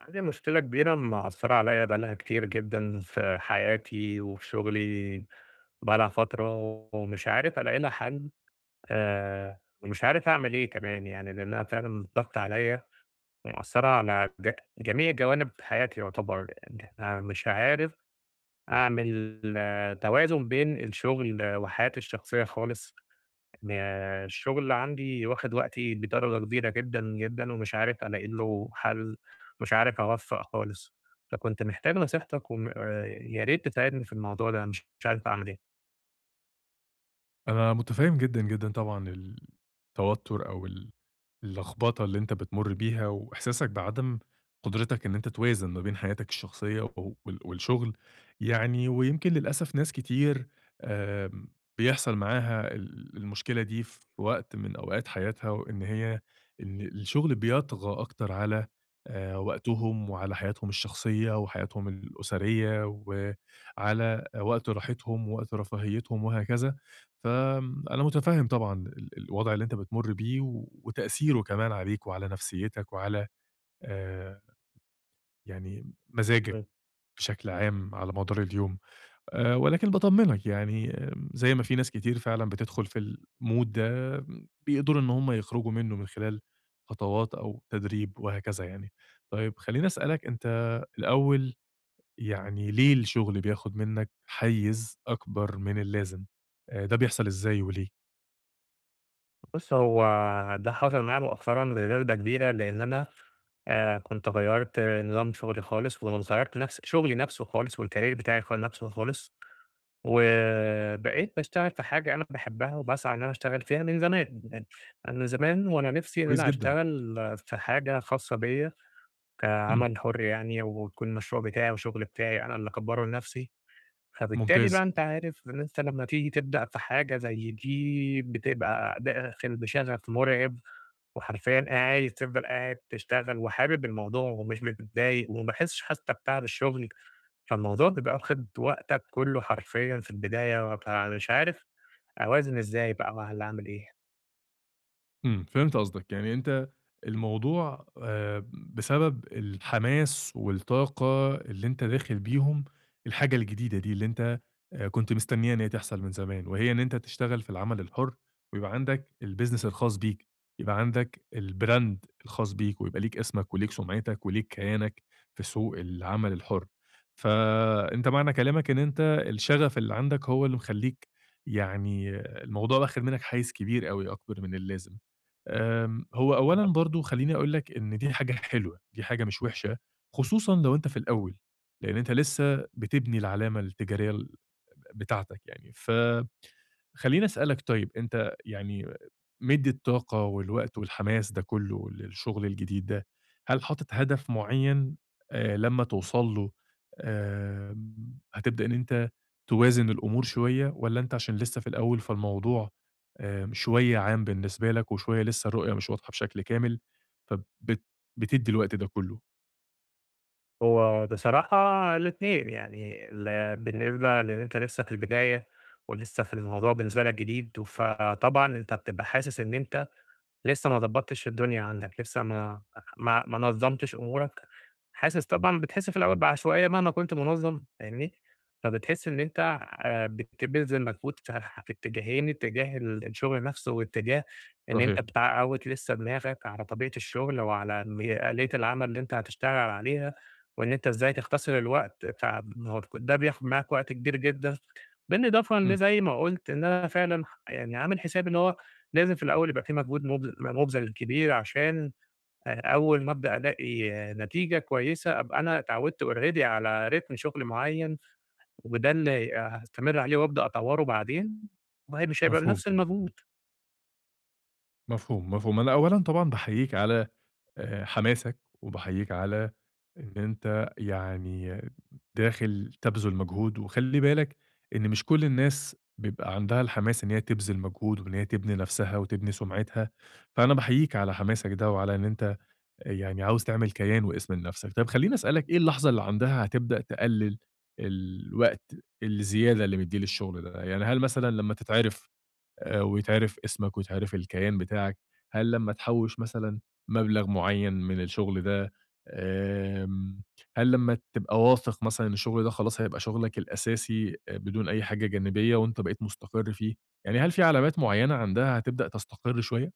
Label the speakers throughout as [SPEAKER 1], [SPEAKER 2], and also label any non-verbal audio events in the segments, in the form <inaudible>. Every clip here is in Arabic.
[SPEAKER 1] عندي مشكلة كبيرة مأثرة عليا بقى لها كتير جدًا، في حياتي وفي شغلي، بقى لها فترة ومش عارف ألاقي لها حل، آآ، ومش عارف أعمل إيه كمان؟ يعني لأنها فعلًا ضاغطه عليَّ، ومأثرة على ج جميع جوانب حياتي يُعتبر، إن احنا مش عارف أعمل توازن بين الشغل وحياتي الشخصية خالص، أنا الشغل عندي واخد وقتي بدرجة كبيرة جدًا، جدًا، ومش عارف ألاقي له حل، مش عارف أوفق خالص، فكنت محتاج نصيحتك وم ياريت تساعدني في الموضوع ده، مش مش عارف أعمل إيه؟
[SPEAKER 2] أنا مُتفهم جدًا، جدًا طبعًا ال التوتر أو ال اللخبطة اللي أنت بتمر بيها، وإحساسك بعدم قدرتك إن أنت توازن ما بين حياتك الشخصية وال والشغل، يعني ويمكن للأسف ناس كتير آآ، بيحصل معاها ال المشكلة دي في وقت من أوقات حياتها، وإن هي إن الشغل بيطغى أكتر على آآ، وقتهم وعلى حياتهم الشخصية وحياتهم الأسرية، وعلى وقت راحتهم ووقت رفاهيتهم وهكذا، ف آمم أنا مُتفهم طبعًا ال الوضع اللي أنت بتمر بيه، وتأثيره كمان عليك وعلى نفسيتك وعلى آآ يعني مزاجك
[SPEAKER 1] <unintelligible>
[SPEAKER 2] بشكل عام على مدار اليوم، آآ، ولكن باطمنك يعني زي ما في ناس كتير فعلًا بتدخل في الmood ده، بيقدروا إن هم يخرجوا منه من خلال خطوات أو تدريب وهكذا يعني. طيب خلّيني أسألك أنت الأول، يعني ليه الشغل بياخد منك حيز أكبر من اللازم، آآ ده بيحصل إزاي، وليه؟
[SPEAKER 1] بُص هو ده حصل معايا مؤخرًا لدرجة كبيرة لأن أنا، آآ كنت غيّرت نظام شغلي خالص، ونص غيرت نفس شغلي نفسه خالص والكارير بتاعي خا نفسه خالص. وبقيت باشتغل في حاجة أنا باحبها وباسعى إن أنا أشتغل فيها من زمان، أنا زمان وأنا نفسي إن
[SPEAKER 2] كويس
[SPEAKER 1] أنا
[SPEAKER 2] جدًا.
[SPEAKER 1] أشتغل في حاجة خاصة بيَّ
[SPEAKER 2] إمم.
[SPEAKER 1] كعمل حر يعني ويكون المشروع بتاعي وشغل بتاعي أنا اللي أكبَره لنفسي. فبالتالي
[SPEAKER 2] ممتاز.
[SPEAKER 1] بقى أنت عارف إن أنت لمّا تيجي تبدأ في حاجة زي دي بتبقى داخل بشغف مرعب، وحرفيًا قا عادي تفضل قاعد تشتغل وحابب الموضوع ومش متضايق وما باحسش حتى بتعب الشغل، فالموضوع بيبقى واخد وقتك كله حرفيًا في البداية، بابقى مش عارف أوازن إزاي بقى والّا أعمل إيه؟
[SPEAKER 2] امم، فهمت قصدك. يعني أنت الموضوع، آآ بسبب الحماس والطاقة اللي أنت داخل بيهم الحاجة الجديدة دي، اللي أنت كنت مستنيها إن هي تحصل من زمان، وهي إن أنت تشتغل في العمل الحر ويبقى عندك الbusiness الخاص بيك. يبقى عندك الbrand الخاص بيك ويبقى ليك أسمك وليك سُمعتك وليك كيانك في سوق العمل الحر. فأنت معنى كلامك إن أنت الشغف اللي عندك هو اللي مخلّيك يعني الموضوع واخد منك حيز كبير أوي، أكبر من اللازم. آمم، هو أولًا
[SPEAKER 1] <unintelligible>
[SPEAKER 2] برضه خلّيني أقول لك إن دي حاجة حلوة، دي حاجة مش وحشة، خصوصًا لو أنت في الأول، لأن أنت لسه بتبني العلامة التجارية ال ب بتاعتك يعني. فخلّيني أسألك طيب، أنت يعني مدي الطاقة والوقت والحماس ده كله للشغل الجديد ده، هل حاطط هدف مُعيّن آآ لمّا توصل له، آمم، هتبدأ إن أنت توازن الأمور شوية والّا أنت عشان لسه في الأول فالموضوع، آآ شوية عام بالنسبة لك وشوية لسه الرؤية مش واضحة بشكل كامل ف بت بتدي الوقت ده كله؟
[SPEAKER 1] هو بصراحة الاتنين، يعني ال بالنسبة لإن أنت لسّه في البداية، ولسّه في الموضوع بالنسبة لك جديد، فطبعًا أنت بتبقى حاسس إن أنت لسّه ما ضبطّتش الدنيا عندك، لسّه ما ما ما نظمتش أمورك، حاسس طبعًا بتحس في الأوّل بعشوائية مهما كنت منظم فاهمني؟ فبتحس إن أنت آآ بتبذل مجهود ف في اتجاهين، اتجاه ال الشغل نفسه، واتجاه إن أنت
[SPEAKER 2] صحيح.
[SPEAKER 1] بتعوّد لسّه دماغك على طبيعة الشغل وعلى مي آلية العمل اللي أنت هتشتغل عليها، وإن أنت إزاي تختصر الوقت بتاع <unintelligible> ده بياخد معاك وقت كبير جدًا، بالإضافة إن
[SPEAKER 2] امم.
[SPEAKER 1] زي ما قُلت إن أنا فعلًا يعني عامل حسابي إن هو لازم في الأوّل يبقى في مجهود مُبذ مُبذَل كبير عشان أ أوّل ما أبدأ ألاقي نتيجة كويّسة، أبقى أنا اتعودت already على رتم شغل معيّن، وده اللي هاستمر عليه وأبدأ أطوّره بعدين، وهي مش هيبقى
[SPEAKER 2] مفهوم.
[SPEAKER 1] بنفس المجهود.
[SPEAKER 2] مفهوم، مفهوم. أنا أوّلًا طبعًا باحيّيك على آآ حماسك، وباحيّيك على إن أنت يعني داخل تَبذُل مجهود، وخلّي بالك إن مش كل الناس بيبقى عندها الحماس إن هي تبذِل مجهود وإن هي تبني نفسها وتبني سمعتها، فأنا باحيّيك على حماسك ده وعلى إن أنت يعني عاوز تعمل كيان واسم لنفسك. طيّب خلّيني أسألك إيه اللحظة اللي عندها هتبدأ تقلّل الوقت الزيادة اللي مدّيه للشغل ده؟ يعني هل مثلًا لمّا تتعرف آآ ويتعرف اسمك ويتعرف الكيان بتاعك؟ هل لمّا تحوّش مثلًا مبلغ معيّن من الشغل ده؟ امم هل لمّا تبقى واثق مثلًا أن الشغل ده خلاص هيبقى شغلك الأساسي بدون أي حاجة جانبية وأنت بقيت مستقر فيه؟ يعني هل في علامات معيّنة عندها هتبدأ تستقر شويّة؟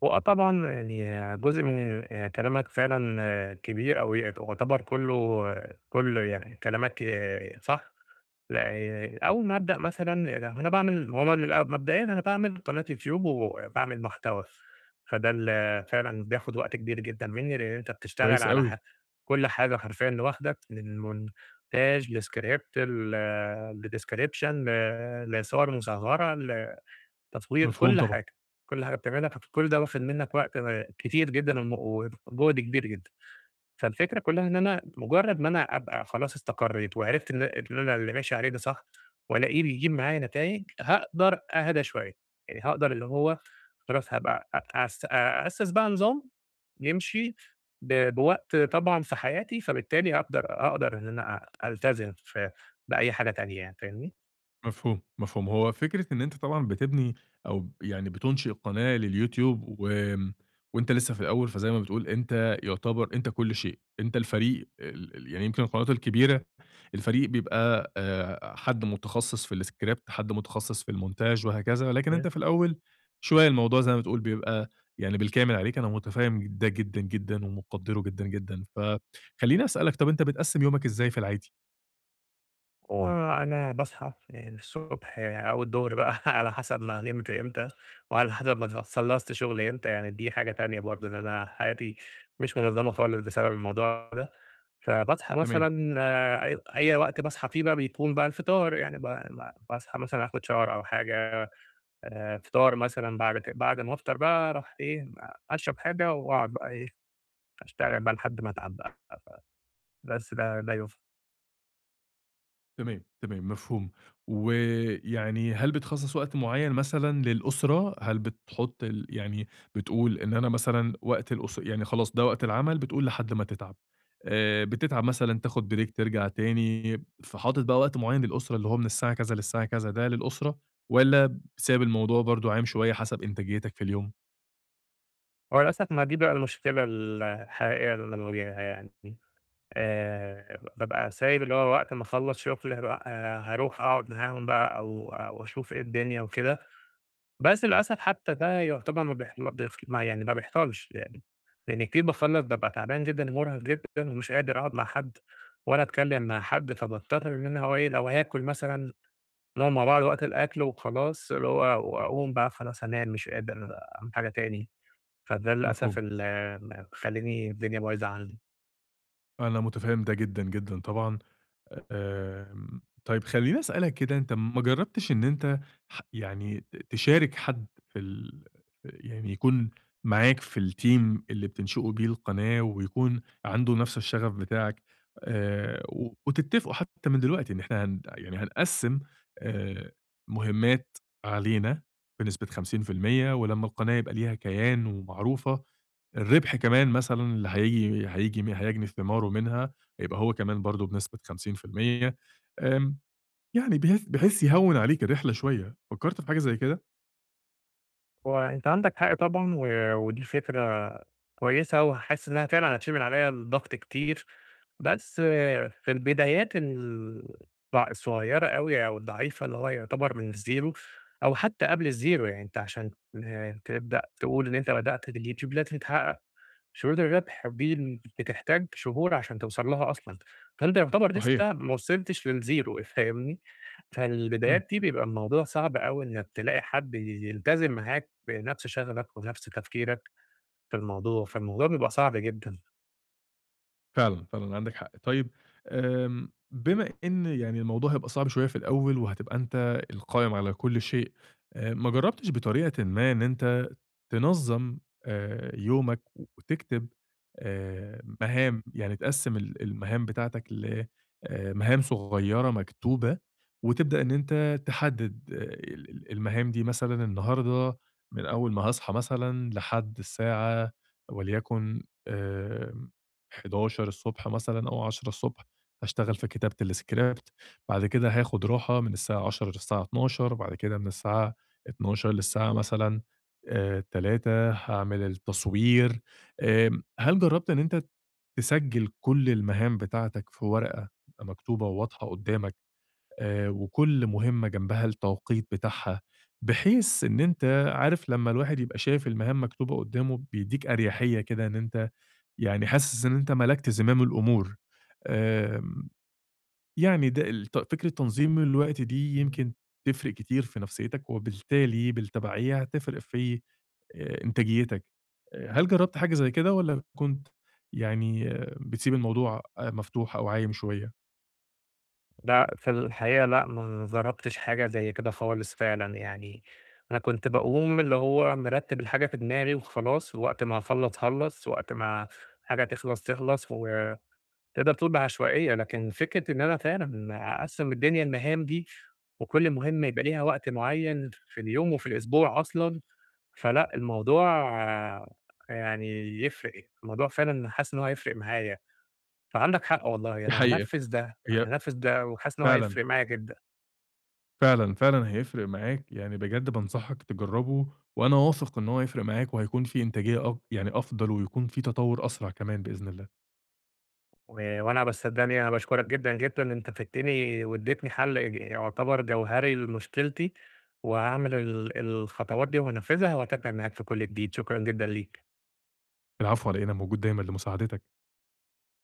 [SPEAKER 1] وآه طبعًا يعني جزء من آآ، كلامك فعلًا كبير أو يأت يُعتبر كله كله يعني كلامك ي صح، ل ي أول ما أبدأ مثلًا ل أنا باعمل ما هو ما بيبقى مبدئيًا أنا باعمل قناة يوتيوب وباعمل محتوى، فده اللي فعلًا بياخد وقت كبير جدًا مني، لإن أنت بتشتغل
[SPEAKER 2] كويس
[SPEAKER 1] على ح
[SPEAKER 2] اوي.
[SPEAKER 1] كل حاجة حرفيًا لوحدك، من مونتاج لscript ل لdescription ل لصور مصغرة، لتطوير
[SPEAKER 2] مفهوم
[SPEAKER 1] كل
[SPEAKER 2] طبعًا.
[SPEAKER 1] حاجة، كل حاجة بتعملها، فك كل ده واخد منك وقت آآ كتير جدًا ومُ وجُهد كبير جدًا. فالفكرة كلها إن أنا مجرد ما أنا أبقى خلاص إستقريت وعرفت إن إن أنا اللي ماشي عليه ده صح وألاقيه بيجيب معايا نتايج، هاقدر أهدى شوية، آآ، هاقدر اللي هُو خلاص هابقى أ أس أأسس بقى نظام يمشي ب بوقت طبعًا في حياتي، فبالتالي أقدر أقدر إن أنا أ ألتزم ف بأي حاجة تانية يعني، فاهمني؟
[SPEAKER 2] مفهوم، مفهوم. هو فكرة إن أنت طبعًا بتبني أو ب يعني بتُنشئ قناة لليوتيوب، وامم، وأنت لسه في الأول، فزي ما بتقول أنت يُعتبر أنت كل شيء، أنت الفريق ال ال يعني يمكن القنوات الكبيرة، الفريق بيبقى، آآ حد مُتخصص في الscript، حد متخصص في المونتاج وهكذا. لكن أنت
[SPEAKER 1] <unintelligible>
[SPEAKER 2] في الأول شوية الموضوع زي ما بتقول بيبقى يعني بالكامل عليك، أنا متفَهم ج ده جدًا، جدًا ومُقَدِّره جدًا، جدًا، فخليني أسألك طب، أنت بتقَسّم يومك إزاي في العادي؟
[SPEAKER 1] هو أنا باصحى الصبح أو الضهر بقى على حسب ما نمت إمتى، وعلى حسب ما ت خلصت شغل إمتى، يعني دي حاجة تانية برضه، إن أنا حياتي مش من منظمة خالص بسبب الموضوع ده، فباصحى
[SPEAKER 2] تمام.
[SPEAKER 1] مثلًا، آآ، أي أي وقت باصحي في بقى بيكون بقى الفطار، يعني ب ب باصحي مثلًا اخد shower أو حاجة، آآ فطار مثلًا بعد ك بعد ما أفطر بقى أروح إيه، أشرب حاجة وأقعد بقي إيه، أشتغل بقي لحد ما أتعب بقي، <unintelligible> بس ده، ده يف
[SPEAKER 2] تمام، تمام مفهوم، و يعني هل بتخصص وقت معين مثلًا للأسرة؟ هل بتحط ال يعني بتقول إن أنا مثلًا وقت الأس يعني خلاص ده وقت العمل بتقول لحد ما تتعب، آآ، بتتعب مثلًا تاخد بريك ترجع تاني، فحاطط بقى وقت معين للأسرة اللي هو من الساعة كذا للساعة كذا ده للأسرة؟ والّا سايب الموضوع برضه عايم شوية حسب إنتاجيتك في اليوم؟
[SPEAKER 1] هو للأسف ما دي بقى المشكلة ال الحقيقة اللي أنا بواجهها يعني، دي، آآ ببقى سايب اللي هو وقت ما اخلص شغل بأ آآ هاروح أقعد معاهم بقى أو أو أشوف إيه الدنيا وكده، بس للأسف حتى ده يعتبر مابيح مابيح يعني ما بيحصلش يعني، لِأَنِّي كتير باخلص بابقى تعبان جدًا و مرهق جدًا ومش قادر أقعد مع حد، ولا أتكلم مع حد، فباضطر إن أنا هو إيه لو هاكل مثلًا، نقعد مع بعض وقت الأكل وخلاص، اللي هو وأقوم بقى خلاص هانام مش قادر أعمل حاجة تاني، فده للأسف
[SPEAKER 2] مفهوم.
[SPEAKER 1] ال م مخلّيني الدنيا بايظة عندي.
[SPEAKER 2] أنا متفهم ده جدًا، جدًا، طبعًا. آمم طيب خلّيني أسألك كده أنت ما جربتش إن أنت ح يعني ت تشارك حد في ال ف يعني يكُون معاك في الteam اللي بتنشئوا بيه القناة ويكُون عنده نفس الشغف بتاعك آآ و وتتفقوا حتى من دلوقتي إن إحنا هن يعني هنقسّم آآ مهمات علينا بنسبة 50% ولمّا القناة يبقى ليها كيان ومعروفة، الربح كمان مثلًا اللي هييجي هييجي هيجني ثماره منها هيبقى هو كمان برضه بنسبة 50% إمم، يعني بحيث بحيث يهوّن عليك الرحلة شوية. فكرت في حاجة زي كده؟
[SPEAKER 1] هو أنت عندك حق طبعًا، و ودي فكرة كويسة وحاسس إنها فعلًا هتشيل من عليّا الضغط كتير. بس في البدايات ال ض الصغيرة أوي أو الضعيفة اللي هو يعتبر من الzero أو حتى قبل الzero يعني أنت عشان تبدأ تقول إن أنت بدأت بالYoutube لازم تتحقق شروط الربح، ودي بتحتاج شهور عشان توصَلْ لها أصلًا. فأنت يعتبر
[SPEAKER 2] صحيح.
[SPEAKER 1] لسه ما وصِلِتش للzero فاهمني؟
[SPEAKER 2] إمم.
[SPEAKER 1] فالبدايات دي بيبقى الموضوع صعب أوي إنك تلاقي حد ي يلتزم معاك بنفس شغفك وبنفس تفكيرك في الموضوع. فالموضوع بيبقى صعب جدًا.
[SPEAKER 2] فعلًا، فعلًا، عندك حق. طيب آمم، بما إن يعني الموضوع هيبقى صعب شوية في الأول وهتبقى أنت القائم على كل شيء، آآ، ما جربتش بطريقة ما إن أنت تنظم، آآ يومك وتكتب، آآ مهام، يعني تقسِّم ال المهام بتاعتك ل آآ، لمهام صغيرة مكتوبة، وتبدأ إن أنت تحدد ال ال المهام دي، مثلًا النهاردة من أول ما هاصحى مثلًا لحد الساعة وليكن آآ 11:00 ص مثلًا أو 10:00 ص هاشتغل في كتابة الscript، بعد كده هاخد راحة من الساعة 10:00 للساعة 12:00 بعد كده من الساعة 12:00 للساعة مثلًا آآ 3:00 هاعمل التصوير. آمم، هل جربت إن أنت تسجل كل المهام بتاعتك في ورقة مكتوبة وواضحة قدامك، آآ وكل مهمة جنبها التوقيت بتاعها؟ بحيث إن أنت عارف لما الواحد يبقى شايف المهام مكتوبة قدامه، بيدّيك أريحية كده إن أنت يعني حاسس إن أنت ملَكت زمام الأمور. آمم، يعني ده الت فكرة تنظيم الوقت دي
[SPEAKER 1] اهم.
[SPEAKER 2] يمكن تفرِق كتير في نفسيتك، وبالتالي بالتبعية هتفرق في، آآ إنتاجيتك. آآ، هل جربت حاجة زي كده والّا كنت يعني بتسيب الموضوع آآ، مفتوح أو عايم شوية؟
[SPEAKER 1] لأ، في الحقيقة لأ، ما جربتش حاجة زي كده خالص فعلًا يعني، أنا كنت باقوم اللي هو مرتِّب الحاجة في دماغي وخلاص ووقت ما اخلّص، خلّص، وقت ما حاجة تخلَص، تخلَص و تقدَر تقول بعشوائية، لكن فكرة إن أنا فعلًا أقسِّم الدنيا لمهام دي وكل مهمة يبقى ليها وقت معين ف في اليوم، وفي الأسبوع أصلًا، فلأ الموضوع يعني يفرِق، الموضوع فعلًا حاسس إن هو هيفرِق معايا. فعندك حق والله،
[SPEAKER 2] دي
[SPEAKER 1] أنا
[SPEAKER 2] حقيقة.
[SPEAKER 1] هانفِّذ ده، أنا
[SPEAKER 2] هي
[SPEAKER 1] هانفِّذ ده وحاسس إن هو
[SPEAKER 2] فعلًا.
[SPEAKER 1] هيفرق معايا جدًا.
[SPEAKER 2] فعلًا، فعلًا، هيفرق معاك. يعني بجد بانصحك تجرَّبه وأنا واثق إن هو هيفرِق معاك وهيكون في إنتاجية أ يعني أفضل، ويكون في تطوُّر أسرع كمان بإذن الله.
[SPEAKER 1] و وأنا، بس صدقني أنا باشكرك جدًا، جدًا. أنت فدّتني وادّيتني حل إج يعتبر جوهَري لمشكلتي وهاعمل ال الخطوات دي وهانفِّذها وهاتابع معاك في كل جديد، شكرًا جدًا ليك.
[SPEAKER 2] العفو، على إيه؟ أنا موجود دايمًا لمساعدتك.